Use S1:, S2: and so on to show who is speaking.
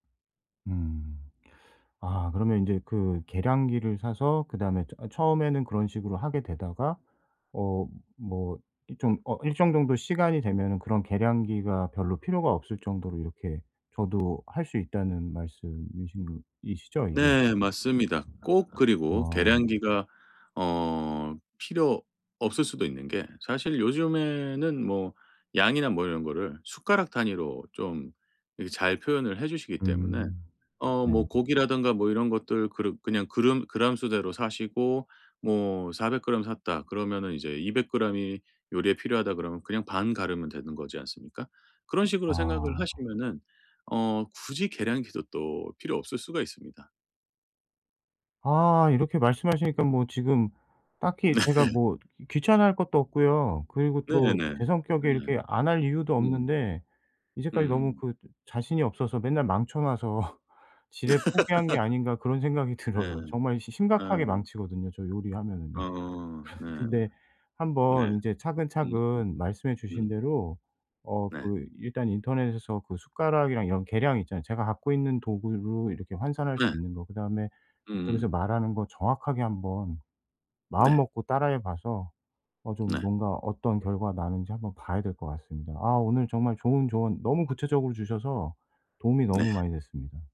S1: 음. 아 그러면 인제 그 계량기를 사서 그다음에 저 처음에는 그런 식으로 하게 되다가 어 뭐 이 좀 어 일정 정도 시간이 되면은 그런 계량기가 별로 필요가 없을 정도로 이렇게 저도 할 수 있다는 말씀이신 이시죠, 이게?
S2: 네. 맞습니다. 꼭 그리고
S1: 어.
S2: 계량기가 어 필요 없을 수도 있는 게 사실 요즘에는 뭐 양이나 뭐 이런 거를 숟가락 단위로 좀 이렇게 잘 표현을 해 주시기 때문에
S1: 음.
S2: 어
S1: 네.
S2: 뭐 고기라든가 뭐 이런 것들 그르 그냥 그름 그램 수대로 사시고 뭐 400g 샀다 그러면은 이제 200g 이 요리에 필요하다 그러면 그냥 반 가르면 되는 거지 않습니까? 그런 식으로 생각을
S1: 아.
S2: 하시면은 어 굳이 계량기도 또 필요 없을 수가 있습니다.
S1: 아. 이렇게 말씀하시니까 뭐 지금 딱히
S2: 네.
S1: 제가 뭐 귀찮아할 것도 없고요. 그리고
S2: 네네.
S1: 또 제 성격에
S2: 네.
S1: 이렇게 안 할 이유도
S2: 음.
S1: 없는데 '이제까지 너무
S2: 음.
S1: 그 자신이 없어서 맨날 망쳐 놔서 지레 포기한 게 아닌가?' 그런 생각이
S2: 네.
S1: 들어요. 정말 시 심각하게
S2: 음.
S1: 망치거든요. 저
S2: 아
S1: 요리하면은요.
S2: 네.
S1: 근데
S2: 네.
S1: 한번 이제
S2: 음음.
S1: 차근차근 말씀해 주신
S2: 음.
S1: 대로 어
S2: 네.
S1: 그 일단 인터넷에서 그 숟가락이랑 이런 계량 있잖아요, 제가 갖고 있는 도구로 이렇게 환산할 수
S2: 네.
S1: 있는 거. 그다음에 여기서
S2: 음음.
S1: 말하는 거 정확하게 1 번
S2: 네.
S1: 마음먹고 따라 해 봐서 어 좀
S2: 네.
S1: 뭔가 어떤 결과 나는지 1 번 봐야 될 것 같습니다. 아 오늘 정말 좋은 조언 너무 구체적으로 주셔서 도움이 너무
S2: 네.
S1: 많이 됐습니다.